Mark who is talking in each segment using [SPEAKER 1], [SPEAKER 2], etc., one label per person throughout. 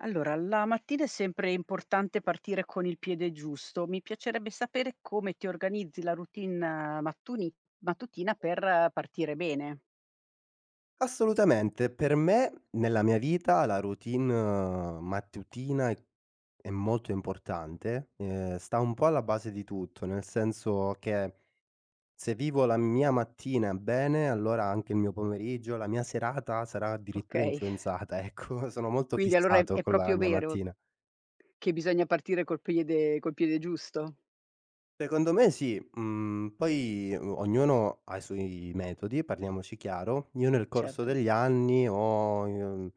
[SPEAKER 1] Allora la mattina è sempre importante partire con il piede giusto. Mi piacerebbe sapere come ti organizzi la routine mattuni mattutina per partire bene.
[SPEAKER 2] Assolutamente, per me, nella mia vita, la routine mattutina è è molto importante. Ehm, sta un po' alla base di tutto, nel senso che se vivo la mia mattina bene, allora anche il mio pomeriggio, la mia serata sarà addirittura
[SPEAKER 1] Okay.
[SPEAKER 2] influenzata, ecco; sono molto
[SPEAKER 1] Quindi allora è
[SPEAKER 2] fissato
[SPEAKER 1] è
[SPEAKER 2] con la
[SPEAKER 1] proprio
[SPEAKER 2] mia
[SPEAKER 1] vero
[SPEAKER 2] mattina.
[SPEAKER 1] che bisogna partire col priede col piede giusto?
[SPEAKER 2] Secondo me sì. Mhmm, poi o ognuno ha i suoi metodi, parliamoci chiaro. Io nel corso
[SPEAKER 1] Certo.
[SPEAKER 2] degli anni ho i mhmm,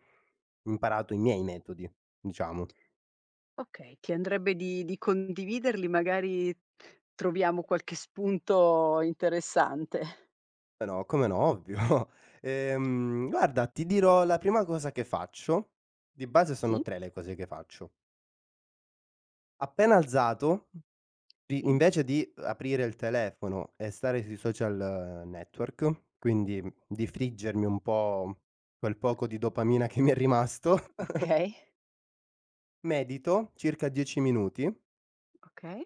[SPEAKER 2] imparato i miei metodi, diciamo.
[SPEAKER 1] Okay, ti andrebbe di di condividerli? Magari troviamo qualche spunto interessante.
[SPEAKER 2] Però, come no, ovvio. Ehm, guarda, ti dirò la prima cosa che faccio di base sono
[SPEAKER 1] Sì.
[SPEAKER 2] 3 le cose che faccio. Appena alzato, i
[SPEAKER 1] Sì.
[SPEAKER 2] invece di aprire il telefono e stare sui social network, quindi, mhmm, di friggermi un po' quel poco di dopamina che mi è rimasto
[SPEAKER 1] Okay.
[SPEAKER 2] medito circa 10 minuti
[SPEAKER 1] Okay.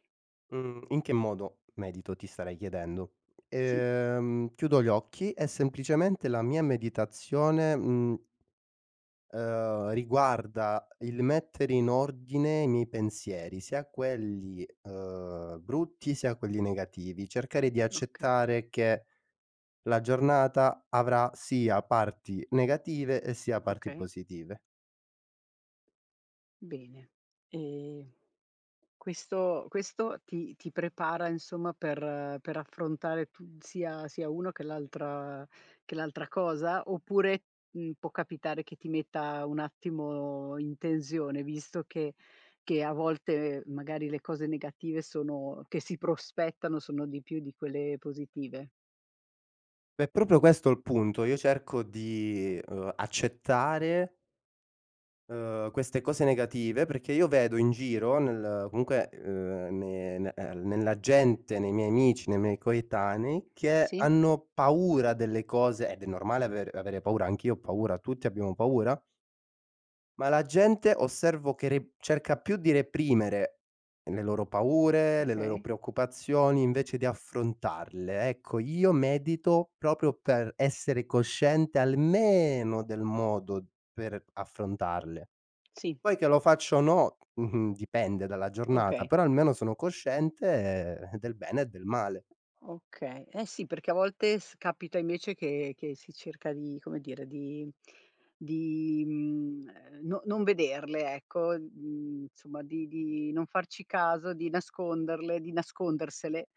[SPEAKER 2] mhmm, in che modo medito ti starai chiedendo:
[SPEAKER 1] Sì.
[SPEAKER 2] ehm, chiudo gli occhi e semplicemente la mia meditazione, mhmm, ehm, riguarda il mettere in ordine i miei pensieri, sia quelli, ehm, brutti sia quelli negativi. Cercare di
[SPEAKER 1] Okay.
[SPEAKER 2] accettare che la giornata, avrà sia parti negative e sia parti
[SPEAKER 1] Okay.
[SPEAKER 2] positive.
[SPEAKER 1] Bene. Ehm, questo questo ti ti prepara, insomma, per per affrontare tu sia sia uno che l'altra che l'altra cosa, oppure, mhmm, può capitare che ti metta un attimo in tensione, visto che che a volte, ehm, magari le cose negative sono che si prospettano sono di più di quelle positive?
[SPEAKER 2] È proprio questo il punto, io cerco di ehm, accettare ehm, queste cose negative, perché io vedo in giro nel comunque ehm, ne ne ehm, nella gente, nei miei amici, nei miei coetanei che
[SPEAKER 1] Sì.
[SPEAKER 2] hanno paura delle cose- ed è normale aver avere paura- anch'io ho paura- tutti abbiamo paura- ma la gente osservo che re cerca più di reprimere le loro paure, le loro
[SPEAKER 1] Okay.
[SPEAKER 2] preoccupazioni, invece di affrontarle. Ecco io medito proprio per essere cosciente almeno del modo per affrontarle.
[SPEAKER 1] Sì.
[SPEAKER 2] Poi che lo faccio o no, mh-mh, dipende dalla giornata,
[SPEAKER 1] Okay.
[SPEAKER 2] però almeno sono cosciente del bene e del male.
[SPEAKER 1] Okay, eh sì perché a volte s capita invece che che si cerca di, come dire di di, mhmm, no non vederle, ecco, mhmm, insomma di di non farci caso, di nasconderle, di nascondersele,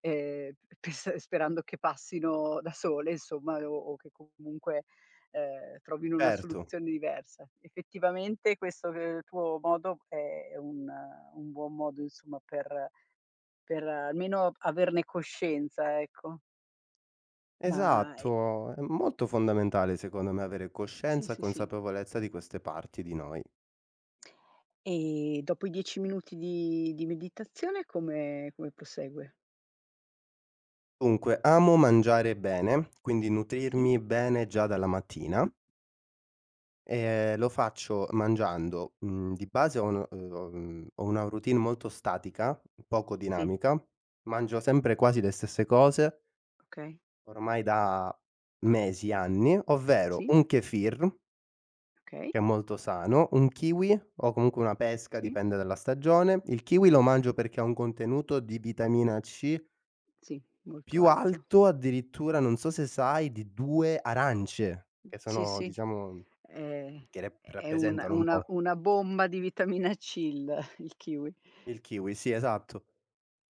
[SPEAKER 1] e ps sperando che passino da sole, insomma, o o che comunque, ehm, trovino una
[SPEAKER 2] Certo.
[SPEAKER 1] soluzione diversa. Effettivamente questo ehm, tuo modo è è un un buon modo insomma per per almeno averne coscienza, ecco. Ma e
[SPEAKER 2] Esatto, è m molto fondamentale secondo me avere
[SPEAKER 1] Sì
[SPEAKER 2] coscienza e
[SPEAKER 1] sì sì.
[SPEAKER 2] consapevolezza di queste parti di noi.
[SPEAKER 1] E dopo i 10 minuti di di meditazione come come prosegue?
[SPEAKER 2] Dunque, amo mangiare bene, quindi
[SPEAKER 1] Sì.
[SPEAKER 2] nutrirmi bene già dalla mattina e lo faccio mangiando, mhmm, di base ho un mh uhm mh, ho una routine molto statica, poco
[SPEAKER 1] Sì.
[SPEAKER 2] dinamica, mangio sempre quasi le stesse cose
[SPEAKER 1] Okay.
[SPEAKER 2] ormai da mesi, anni, ovvero
[SPEAKER 1] Sì.
[SPEAKER 2] un Kefir
[SPEAKER 1] Okay.
[SPEAKER 2] che è molto sano, un kiwi o comunque una pesca
[SPEAKER 1] Sì.
[SPEAKER 2] dipende dalla stagione. Il kiwi lo mangio perché ha un contenuto di vitamina C
[SPEAKER 1] Sì, molto
[SPEAKER 2] più
[SPEAKER 1] alto.
[SPEAKER 2] alto addirittura non so se sai di 2 arance,
[SPEAKER 1] Mh,
[SPEAKER 2] che
[SPEAKER 1] sì
[SPEAKER 2] sono,
[SPEAKER 1] sì.
[SPEAKER 2] diciamo,
[SPEAKER 1] Eh,
[SPEAKER 2] che rep
[SPEAKER 1] è un
[SPEAKER 2] rappresentano un
[SPEAKER 1] una
[SPEAKER 2] po'.
[SPEAKER 1] una bomba di vitamina C, il il kiwi.
[SPEAKER 2] Il kiwi, sì esatto.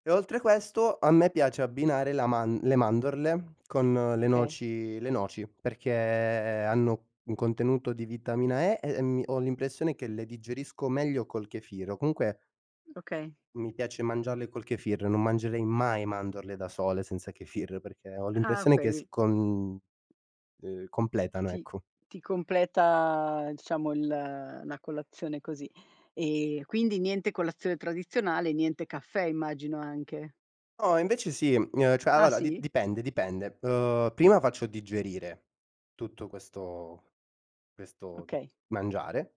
[SPEAKER 2] E oltre a questo a me piace abbinare la man le mandorle, con le
[SPEAKER 1] Okay.
[SPEAKER 2] noci le noci perché hanno un contenuto di vitamina E e, mhmm, ho l'impressione che le digerisco meglio col kefir, o comunque
[SPEAKER 1] Okay.
[SPEAKER 2] Mi piace mangiarle col kefir. Non mangerei mai mandorle da sole senza kefir, perché ho
[SPEAKER 1] Ah,
[SPEAKER 2] l'impressione che
[SPEAKER 1] okay.
[SPEAKER 2] si con uhm, completano,
[SPEAKER 1] Ti
[SPEAKER 2] ecco.
[SPEAKER 1] ti completa, diciamo, il la colazione così. Ehm, quindi niente colazione tradizionale e niente caffè, immagino anche.
[SPEAKER 2] No invece sì. Uhm, cioè
[SPEAKER 1] Ah,
[SPEAKER 2] allora di
[SPEAKER 1] sì?
[SPEAKER 2] dipende, dipende. Uhm, prima faccio digerire tutto questo questo tu
[SPEAKER 1] Okay.
[SPEAKER 2] mangiare.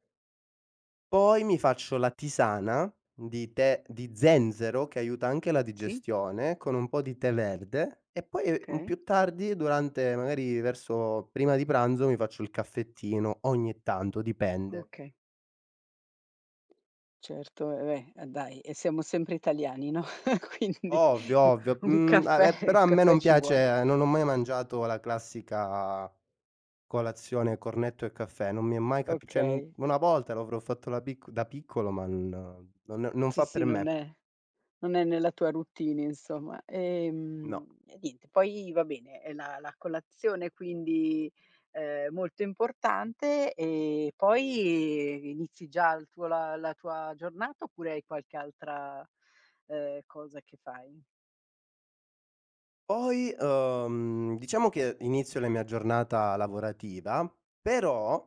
[SPEAKER 2] Poi mi faccio la tisana di tè di zenzero che aiuta anche la
[SPEAKER 1] Sì.
[SPEAKER 2] digestione, con un po' di tè verde, e poi, e mhmm,
[SPEAKER 1] Okay.
[SPEAKER 2] più tardi durante magari verso prima di pranzo, mi faccio il caffettino ogni tanto, dipende.
[SPEAKER 1] Okay. Certo, ehm, beh, a dai: e siamo sempre italiani, no, quindi
[SPEAKER 2] Ovvio,
[SPEAKER 1] u
[SPEAKER 2] ovvio.
[SPEAKER 1] un
[SPEAKER 2] Mhmm, a
[SPEAKER 1] caffè
[SPEAKER 2] beh però
[SPEAKER 1] un
[SPEAKER 2] a me
[SPEAKER 1] caffè
[SPEAKER 2] non
[SPEAKER 1] ci vuole.
[SPEAKER 2] piace non ho mai mangiato la classica colazione cornetto e caffè. Non mi è mai cap cioè, mhmm,
[SPEAKER 1] Okay.
[SPEAKER 2] 1 volta l'avrò fatto la picc da piccolo ma n non non
[SPEAKER 1] Sì,
[SPEAKER 2] fa
[SPEAKER 1] sì,
[SPEAKER 2] per
[SPEAKER 1] non
[SPEAKER 2] me.
[SPEAKER 1] è non è nella tua routine, insomma.
[SPEAKER 2] No.
[SPEAKER 1] Ehm, e niente, poi va bene è la la colazione quindi, ehm, molto importante e poi inizi già il tuo la la tua giornata oppure hai qualche altra, ehm, cosa che fai?
[SPEAKER 2] Poi, uhm, diciamo che inizio la mia giornata lavorativa, però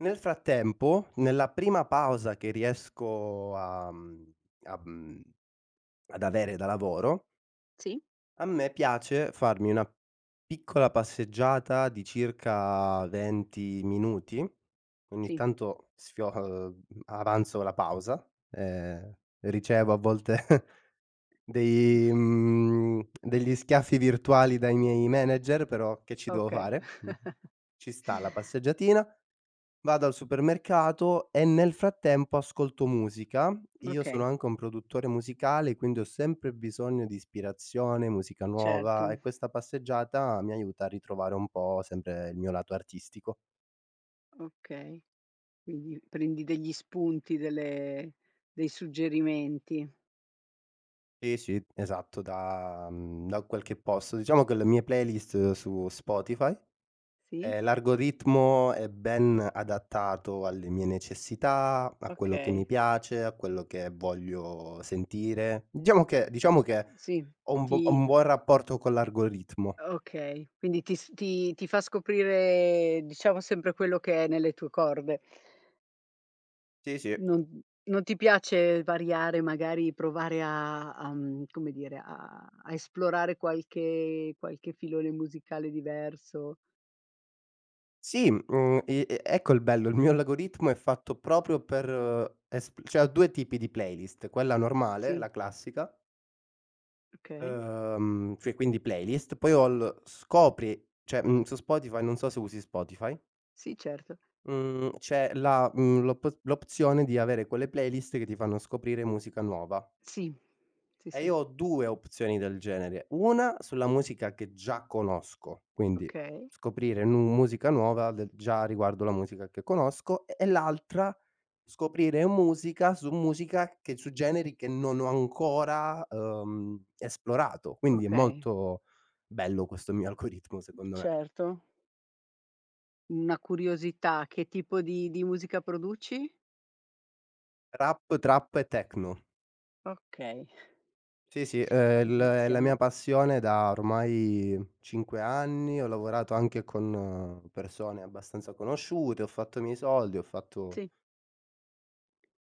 [SPEAKER 2] nel frattempo, nella prima pausa che riesco a, mhmm a mhmm, ad avere da lavoro
[SPEAKER 1] Sì.
[SPEAKER 2] a me piace, farmi una piccola passeggiata di circa 20 minuti, ogni
[SPEAKER 1] Sì.
[SPEAKER 2] tanto sfio uhm, avanzo la pausa, ehm, ricevo a volte dei, mhmm, degli schiaffi virtuali dai miei manager, però che ci devo
[SPEAKER 1] Okay.
[SPEAKER 2] fare mh? Ci sta la passeggiatina, vado al supermercato e nel frattempo ascolto musica. Io sono
[SPEAKER 1] Okay.
[SPEAKER 2] anche un produttore musicale, quindi ho sempre bisogno di ispirazione, musica nuova
[SPEAKER 1] Certo.
[SPEAKER 2] e questa passeggiata mi aiuta a ritrovare un po' sempre il mio lato artistico.
[SPEAKER 1] Okay. Quindi, prendi degli spunti delle dei suggerimenti.
[SPEAKER 2] Sì, sì, esatto, da, mhmm, da qualche posto, diciamo che le mie playlist su Spotify.
[SPEAKER 1] Sì?
[SPEAKER 2] Uhm, l'algoritmo è ben adattato alle mie necessità, a quello che mi
[SPEAKER 1] Okay.
[SPEAKER 2] piace, a quello che voglio sentire. Diciamo che diciamo che
[SPEAKER 1] Sì,
[SPEAKER 2] ho un bu ho
[SPEAKER 1] ti
[SPEAKER 2] un buon rapporto con l'algoritmo.
[SPEAKER 1] Okay, quindi ti s ti ti fa scoprire, diciamo sempre quello che è nelle tue corde.
[SPEAKER 2] Sì, sì.
[SPEAKER 1] Non non ti piace variare magari, provare a a mhmm, come dire, a a esplorare qualche qualche filone musicale diverso?
[SPEAKER 2] Sì, mh mhmm, i e ecco il bello, il mio algoritmo è fatto proprio per espl cioè ho 2 tipi di playlist: quella normale,
[SPEAKER 1] Sì.
[SPEAKER 2] la classica
[SPEAKER 1] Okay.
[SPEAKER 2] uhm, cioè quindi playlist, poi ho l scopri cioè, mhmm, su Spotify non so se usi Spotify
[SPEAKER 1] Sì, certo.
[SPEAKER 2] mhmm, c'è la, mhmm l'op l'opzione di avere quelle playlist che ti fanno scoprire musica nuova.
[SPEAKER 1] Sì. Sì,
[SPEAKER 2] E
[SPEAKER 1] sì.
[SPEAKER 2] io ho 2 opzioni del genere: una sulla musica che già conosco, quindi
[SPEAKER 1] Okay.
[SPEAKER 2] scoprire nu musica nuova de già riguardo la musica che conosco; e e l'altra, scoprire musica su musica che su generi che non ho ancora, ehm, esplorato. Quindi è
[SPEAKER 1] Okay.
[SPEAKER 2] molto bello questo mio algoritmo secondo me.
[SPEAKER 1] Certo. Una curiosità: che tipo di di musica produci?
[SPEAKER 2] Rap, trap e techno.
[SPEAKER 1] Okay.
[SPEAKER 2] Sì, sì, è l
[SPEAKER 1] Quindi
[SPEAKER 2] la
[SPEAKER 1] siamo
[SPEAKER 2] mia passione da ormai 5 anni, ho lavorato anche con persone abbastanza conosciute, ho fatto i miei soldi, ho fatto
[SPEAKER 1] Sì.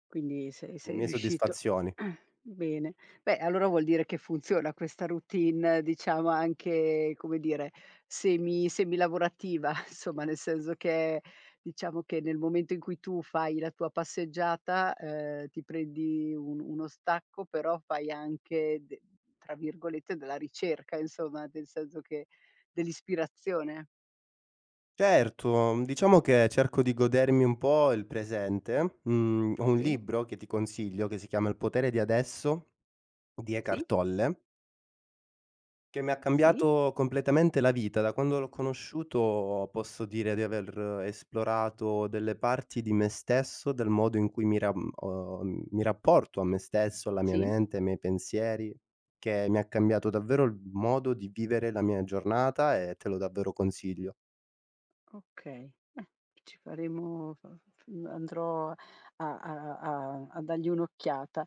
[SPEAKER 1] Quindi se
[SPEAKER 2] le
[SPEAKER 1] sei
[SPEAKER 2] mie
[SPEAKER 1] riuscito
[SPEAKER 2] soddisfazioni.
[SPEAKER 1] bene. Beh allora vuol dire che funziona questa routine, diciamo anche, come dire, semi semi lavorativa, insomma, nel senso che diciamo che nel momento in cui tu fai la tua passeggiata, ehm, ti prendi un uno stacco, però fai anche de tra virgolette della ricerca insomma, del senso che dell'ispirazione.
[SPEAKER 2] Certo, mhmm, diciamo che cerco di godermi un po' il presente. Mhmm, ho un
[SPEAKER 1] Sì.
[SPEAKER 2] libro che ti consiglio che si chiama: "Il potere di adesso", di Eckhart
[SPEAKER 1] Sì.
[SPEAKER 2] Tolle che mi ha
[SPEAKER 1] Sì.
[SPEAKER 2] cambiato completamente la vita. Da quando l'ho conosciuto, posso dire di aver esplorato delle parti di me stesso, del modo in cui mi ram uhm, mi rapporto a me stesso, alla mia
[SPEAKER 1] Sì.
[SPEAKER 2] mente, ai miei pensieri, che mi ha cambiato davvero il modo di vivere la mia giornata e te lo davvero consiglio.
[SPEAKER 1] Okay, beh, ci faremo f f f andrò a a a a dargli un'occhiata,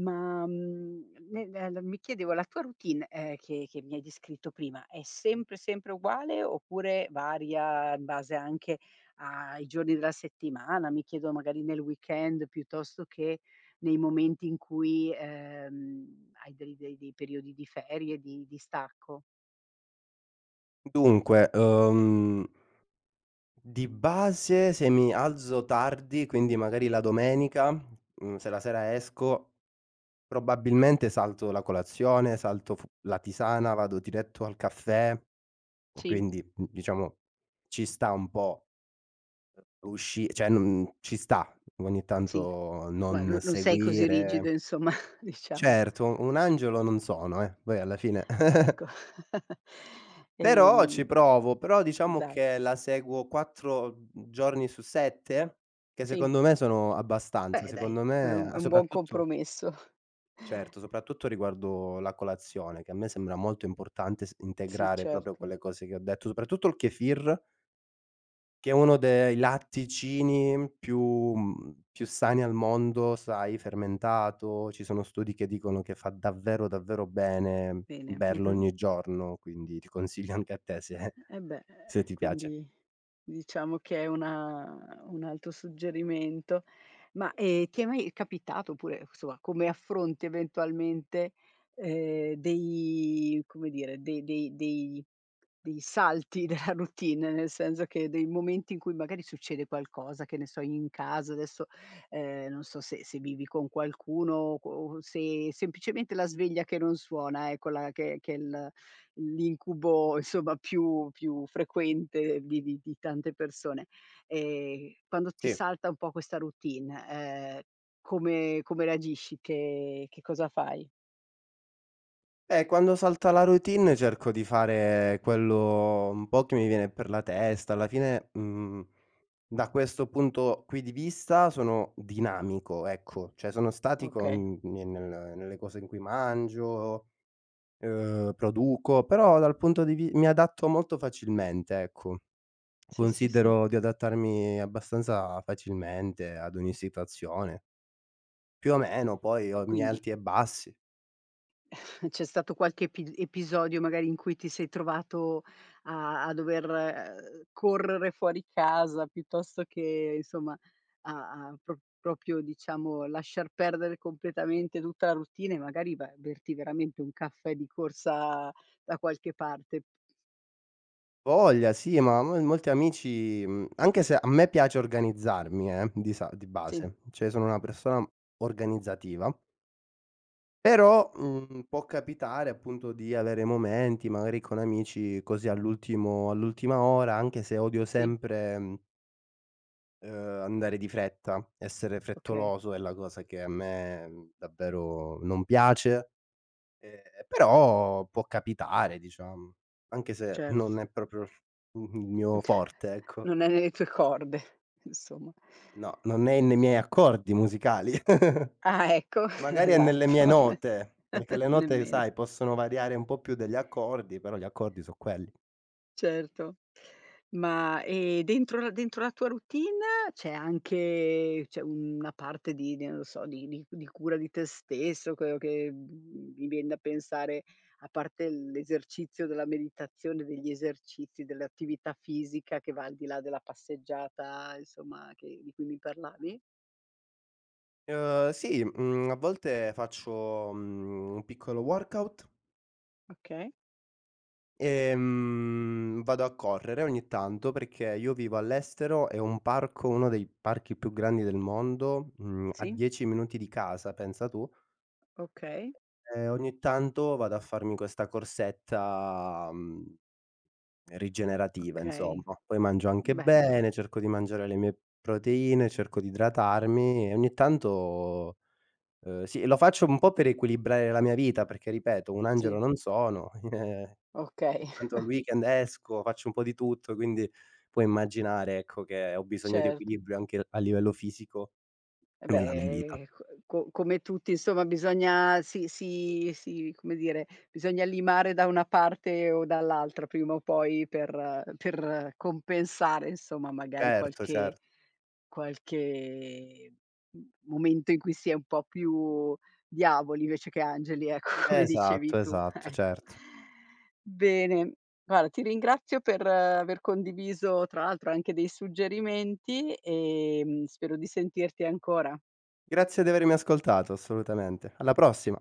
[SPEAKER 1] ma, mhmm, ne nel mi chiedevo la tua routine, uhm, che che mi hai descritto prima, è sempre, sempre uguale, oppure varia in base anche a i giorni della settimana, mi chiedo, magari nel weekend piuttosto che nei momenti in cui, uhm, hai dei dei dei periodi di ferie, di di stacco?
[SPEAKER 2] Dunque, uhm di base se mi alzo tardi, quindi magari la domenica, mhmm, se la sera esco, probabilmente salto la colazione, salto f la tisana, vado diretto al caffè,
[SPEAKER 1] Sì.
[SPEAKER 2] quindi n diciamo, ci sta un po', uhm, usci cioè n ci sta ogni
[SPEAKER 1] Sì,
[SPEAKER 2] tanto
[SPEAKER 1] ma
[SPEAKER 2] non
[SPEAKER 1] no non sei così
[SPEAKER 2] seguire
[SPEAKER 1] rigido, insomma, diciamo.
[SPEAKER 2] Certo, un angelo non sono eh, poi alla fine.
[SPEAKER 1] Ecco.
[SPEAKER 2] Però ci
[SPEAKER 1] Ehm
[SPEAKER 2] provo, però diciamo
[SPEAKER 1] dai.
[SPEAKER 2] che la seguo 4 giorni su 7, che
[SPEAKER 1] Sì.
[SPEAKER 2] secondo me sono abbastanza,
[SPEAKER 1] Beh, dai,
[SPEAKER 2] secondo
[SPEAKER 1] è
[SPEAKER 2] me
[SPEAKER 1] un
[SPEAKER 2] a
[SPEAKER 1] è un buon
[SPEAKER 2] soprattutto
[SPEAKER 1] compromesso.
[SPEAKER 2] certo, soprattutto riguardo la colazione, che a me sembra molto importante s
[SPEAKER 1] Sì,
[SPEAKER 2] integrare proprio
[SPEAKER 1] certo.
[SPEAKER 2] quelle cose che ho detto, soprattutto il kefir. Che è uno de i latticini più, mhmm, più più sani al mondo, sai, fermentato, ci sono studi che dicono che fa davvero davvero bene,
[SPEAKER 1] Bene,
[SPEAKER 2] berlo
[SPEAKER 1] mh-mh.
[SPEAKER 2] ogni giorno, quindi ti consiglio anche a te se
[SPEAKER 1] Eh beh, ehm,
[SPEAKER 2] se ti piace.
[SPEAKER 1] quindi diciamo che è una un altro suggerimento, ma, ehm, ti è mai capitato, oppure insomma, come affronti eventualmente, ehm, dei come dire, dei dei dei dei salti della routine, nel senso che dei momenti in cui magari succede qualcosa, che ne so, in casa, adesso, ehm, non so se se vivi con qualcuno o qu o se semplicemente la sveglia che non suona, ecco la che che l l'incubo insomma più più frequente, vivi di tante persone. Ehm, quando ti
[SPEAKER 2] Sì.
[SPEAKER 1] salta un po' questa routine, ehm, come come reagisci, che che cosa fai?
[SPEAKER 2] Eh, quando salta la routine, cerco di fare quello un po' che mi viene per la testa, alla fine, mhmm, da questo punto qui di vista, sono dinamico ecco, cioè sono statico
[SPEAKER 1] Okay.
[SPEAKER 2] n ni nel nelle cose in cui mangio, uhm, produco, però dal punto di vi mi adatto molto facilmente ecco,
[SPEAKER 1] Sì, sì, sì.
[SPEAKER 2] considero di adattarmi abbastanza facilmente, ad ogni situazione. Più o meno, poi ho
[SPEAKER 1] Ehm,
[SPEAKER 2] i miei
[SPEAKER 1] quindi
[SPEAKER 2] alti e bassi.
[SPEAKER 1] C'è stato qualche epi episodio magari in cui ti sei trovato a a dover, ehm, correre fuori casa, piuttosto che insomma, a a pro proprio, diciamo, lasciar perdere completamente tutta la routine e magari vai a berti veramente un caffè di corsa da qualche parte.
[SPEAKER 2] voglia sì, ma, mhmm, molti amici, mhmm, anche se a me piace organizzarmi eh, di sa di
[SPEAKER 1] Sì.
[SPEAKER 2] base, cioè sono una persona organizzativa. Però, uhm, può capitare appunto di avere momenti, magari con amici così all'ultimo all'ultima ora, anche se odio
[SPEAKER 1] Sì.
[SPEAKER 2] sempre mhmm ehm, andare di fretta, essere
[SPEAKER 1] Okay.
[SPEAKER 2] frettoloso è la cosa che a me davvero non piace, ehm, però può capitare, diciamo, anche se
[SPEAKER 1] Certo.
[SPEAKER 2] non è proprio il f il mio forte, ecco.
[SPEAKER 1] non è nelle tue corde, insomma.
[SPEAKER 2] No, non è nei miei accordi musicali.
[SPEAKER 1] Ah, ecco
[SPEAKER 2] Magari è nelle mie
[SPEAKER 1] esatto
[SPEAKER 2] note, perché le note,
[SPEAKER 1] nemmeno.
[SPEAKER 2] sai, possono variare un po' più degli accordi, però gli accordi sono quelli.
[SPEAKER 1] Certo, ma e dentro la dentro la tua routine c'è anche c'è una parte di di non lo so, di di c di cura di te stesso, quello che, mhmm, mi vien da pensare, a parte l'esercizio della meditazione, degli esercizi, dell'attività fisica che va al di là della passeggiata, insomma, che di cui mi parlavi?
[SPEAKER 2] Uhm, sì. Mhmm, a volte faccio, mhmm, un piccolo workout.
[SPEAKER 1] Okay.
[SPEAKER 2] Ehm, vado a correre ogni tanto, perché io vivo all'estero, e ho un parco, uno dei parchi più grandi del mondo, mhmm, a
[SPEAKER 1] Sì.
[SPEAKER 2] 10 minuti di casa, pensa tu.
[SPEAKER 1] Okay.
[SPEAKER 2] E ogni tanto vado a farmi questa corsetta, mhmm, rigenerativa,
[SPEAKER 1] Okay,
[SPEAKER 2] insomma, poi mangio anche
[SPEAKER 1] beh.
[SPEAKER 2] bene, cerco di mangiare le mie proteine, cerco di idratarmi e ogni tanto, uhm, sì, lo faccio un po' per equilibrare la mia vita perché ripeto, un angelo
[SPEAKER 1] Sì.
[SPEAKER 2] non sono, ogni
[SPEAKER 1] Okay.
[SPEAKER 2] tanto il weekend esco, faccio un po' di tutto, quindi, puoi immaginare ecco, che ho bisogno di
[SPEAKER 1] Certo.
[SPEAKER 2] equilibrio anche l a livello fisico,
[SPEAKER 1] Eh
[SPEAKER 2] nella mia vita.
[SPEAKER 1] beh, ehm, co co come tutti insomma bisogna si si si, come dire, bisogna limare da una parte o dall'altra prima o poi, per per compensare insomma, magari
[SPEAKER 2] Certo,
[SPEAKER 1] qualche
[SPEAKER 2] cert
[SPEAKER 1] qualche m momento in cui si è un po' più diavoli, invece che angeli, ecco, come dicevi
[SPEAKER 2] Esatto,
[SPEAKER 1] tu,
[SPEAKER 2] esatto,
[SPEAKER 1] ecco.
[SPEAKER 2] certo.
[SPEAKER 1] Bene. Guarda, ti ringrazio per aver condiviso tra l'altro anche dei suggerimenti, ehm, spero di sentirti ancora.
[SPEAKER 2] Grazie di avermi ascoltato, assolutamente, alla prossima.